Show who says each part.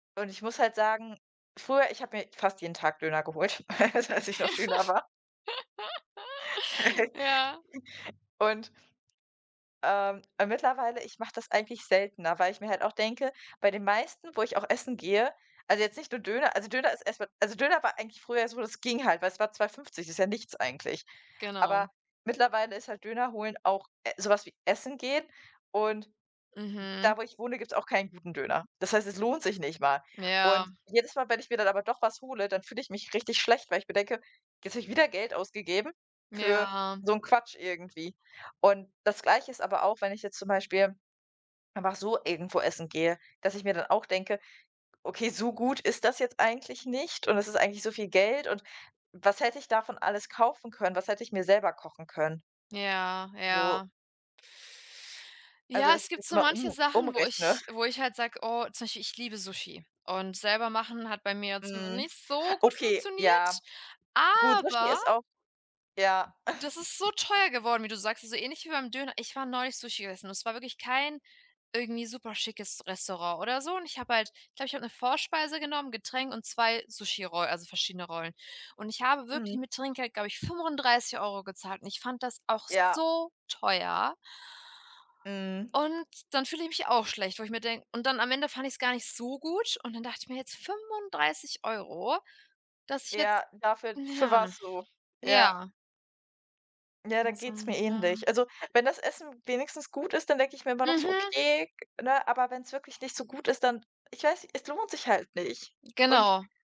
Speaker 1: Und ich muss halt sagen: Früher ich habe mir fast jeden Tag Döner geholt, als ich noch Schüler war.
Speaker 2: Ja.
Speaker 1: Und ähm, mittlerweile ich mache das eigentlich seltener. Weil ich mir halt auch denke: Bei den meisten, wo ich auch essen gehe, also jetzt nicht nur Döner also Döner ist erst mal also Döner war eigentlich früher so, das ging halt. Weil es war 2,50 €, das ist ja nichts eigentlich. Aber
Speaker 2: Genau.
Speaker 1: mittlerweile ist halt Döner holen auch e so was wie Essen gehen und
Speaker 2: Mhm.
Speaker 1: da, wo ich wohne, gibt's auch keinen guten Döner. Das heißt, es lohnt sich nicht mal. Und
Speaker 2: Ja.
Speaker 1: jedes Mal, wenn ich mir dann aber doch was hole, dann fühle ich mich richtig schlecht, weil ich mir denke: „Jetzt habe ich wieder Geld ausgegeben für
Speaker 2: Ja.
Speaker 1: so 'n Quatsch irgendwie.“ Und das Gleiche ist aber auch, wenn ich jetzt zum Beispiel einfach so irgendwo essen gehe, dass ich mir dann auch denke: „Okay, so gut ist das jetzt eigentlich nicht und es ist eigentlich so viel Geld und was hätte ich davon alles kaufen können? Was hätte ich mir selber kochen können?“
Speaker 2: Ja,
Speaker 1: So.
Speaker 2: ja.
Speaker 1: Also,
Speaker 2: Ja,
Speaker 1: dass
Speaker 2: es
Speaker 1: ich
Speaker 2: gibt
Speaker 1: das
Speaker 2: so
Speaker 1: immer
Speaker 2: manche
Speaker 1: um
Speaker 2: Sachen, wo
Speaker 1: umrechne.
Speaker 2: ich wo ich halt sage: „Oh.“ Zum Beispiel, ich liebe Sushi. Und selber machen hat bei mir jetzt
Speaker 1: Mhm.
Speaker 2: nicht so gut
Speaker 1: Okay,
Speaker 2: funktioniert,
Speaker 1: ja. Gut, Sushi
Speaker 2: aber
Speaker 1: ist auch ja.
Speaker 2: das ist so teuer geworden, wie du sagst. Also ähnlich wie beim Döner. Ich war neulich Sushi gegessen und es war wirklich kein irgendwie superschickes Restaurant oder so. Und ich habe halt ich glaube, ich habe eine Vorspeise genommen, Getränk und 2 Sushi Roll also verschiedene Rollen. Und ich habe wirklich
Speaker 1: Mhm.
Speaker 2: mit Trinkgeld, glaube ich, 35 € gezahlt und ich fand das auch
Speaker 1: Ja.
Speaker 2: so teuer.
Speaker 1: Mhm.
Speaker 2: Und dann fühle ich mich auch schlecht, wo ich mir de und dann am Ende fand ich's gar nicht so gut und dann dacht ich mir: Jetzt 35 €, dass ich jetzt“
Speaker 1: Ja, dafür für
Speaker 2: ja,
Speaker 1: was so? Ja.
Speaker 2: ja.
Speaker 1: Ja, da geht's mir
Speaker 2: [unintelligible]
Speaker 1: ähnlich. Also wenn das Essen wenigstens gut ist, dann denke ich mir immer noch so:
Speaker 2: Mhm.
Speaker 1: „Okay“, ne? Aber wenn's wirklich nicht so gut ist, dann ich weiß, es lohnt sich halt nicht. Und
Speaker 2: Genau.